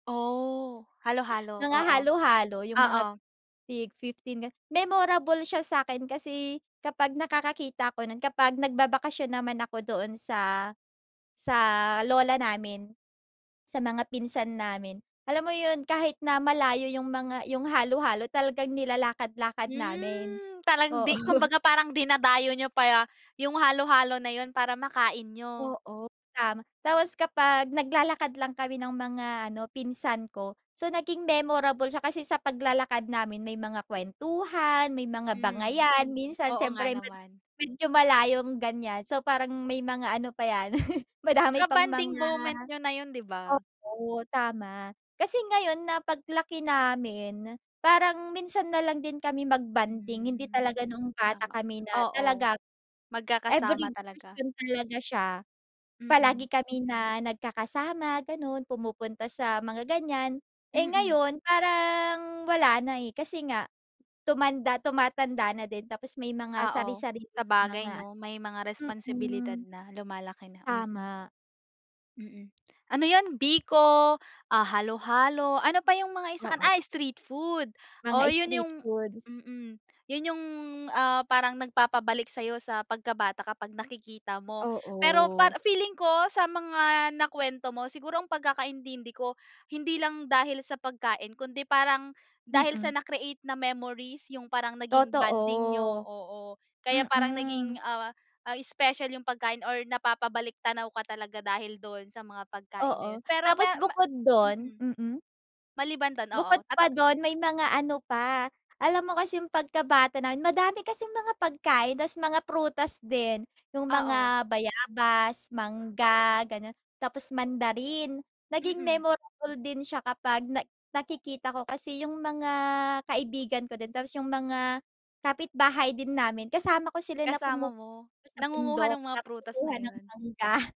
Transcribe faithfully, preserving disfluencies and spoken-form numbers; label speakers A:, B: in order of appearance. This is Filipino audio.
A: Oh halo-halo.
B: Mga
A: Oo,
B: halo-halo, yung mga
A: Oo.
B: tig-fifteen. Memorable siya sakin kasi kapag nakakakita ako nun kapag nagbabakasyon naman ako doon sa sa lola namin. Sa mga pinsan namin, alam mo yun, kahit na malayo yung mga yung halo-halo, talagang nilalakad-lakad namin.
A: Hmm, parang
B: Oo.
A: di kumbaga parang dinadayo niyo pa, yung halo-halo na yun para makain niyo?
B: Oo, tama. Tapos kapag nag lalakad lang kami ng mga ano, pinsan ko. So, naging memorable siya kasi sa paglalakad namin may mga kwentuhan, may mga
A: Hmm.
B: bangayan, minsan
A: Oo nga
B: siyempre med
A: naman.
B: medyo malayong ganyan. So, parang may mga ano pa yan madami pang
A: Ka-bonding
B: mga
A: moment niyo na iyon, di ba?
B: oo tama, kasi ngayon na pag laki namin, parang minsan na lang din kami mag-bonding. Hindi
A: Hmm,
B: talaga noong bata
A: tama.
B: kami na
A: Oo
B: talagang
A: magkakasama
B: every
A: talaga.
B: bakasyon talaga siya. Palagi
A: Mhm.
B: kami na nagkakasama ganon, pumupunta sa mga ganyan. Eh
A: Mhm.
B: ngayon, parang wala na eh, kasi nga tumanda tumatanda na din. Tapos may mga
A: Oo.
B: sari-sariling
A: Sa bagay,
B: mga
A: no? May mga
B: ano
A: responsibilidad
B: mhm.
A: na, lumalaki na. Mhm.
B: Tama.
A: Mhm. Ano yun? Biko ah halo-halo, ano pa yung mga isa kani
B: Oo.
A: ah street food. Oh,
B: Mga
A: yun yung
B: street foods.
A: mhm, yun yung ah parang nagpapabalik sayo sa pagka bata kapag nakikita mo. Pero
B: Oo.
A: para feeling ko sa mga nakuwento mo siguro ang pagkakaintindi ko hindi lang dahil sa pagkain kundi parang dahil sa
B: Mhm.
A: na-create na memories. Yung parang naging bonding niyo,
B: Totoo.
A: oo. Kaya parang
B: Mhm.
A: naging ah ah special yung pagkain or napapabalik-tanaw ka talaga dahil doon sa mga pagkain na
B: Oo,
A: yun. Pero
B: tapos
A: mero ma
B: bukod dun
A: mhm.
B: mhm.
A: Maliban dun,
B: Bukod
A: oo,
B: pa
A: tata
B: dun, may mga ano pa. Alam mo kasi yung pagkabata namin, madami kasing mga pagkain tapos mga prutas din. Yung
A: Oo.
B: mga bayabas, mangga, ganon. Tapos mandarin. Naging
A: Mhm.
B: memorable din siya kapag na nakikita ko kasi yung mga kaibigan ko din, tapos yung mga kapitbahay din namin kasama ko sila na
A: Kasama mo?
B: pumupunta sa
A: Nangunguha
B: bundok
A: ng mga
B: para
A: prutas na
B: kumuha ng
A: yun.
B: mangga.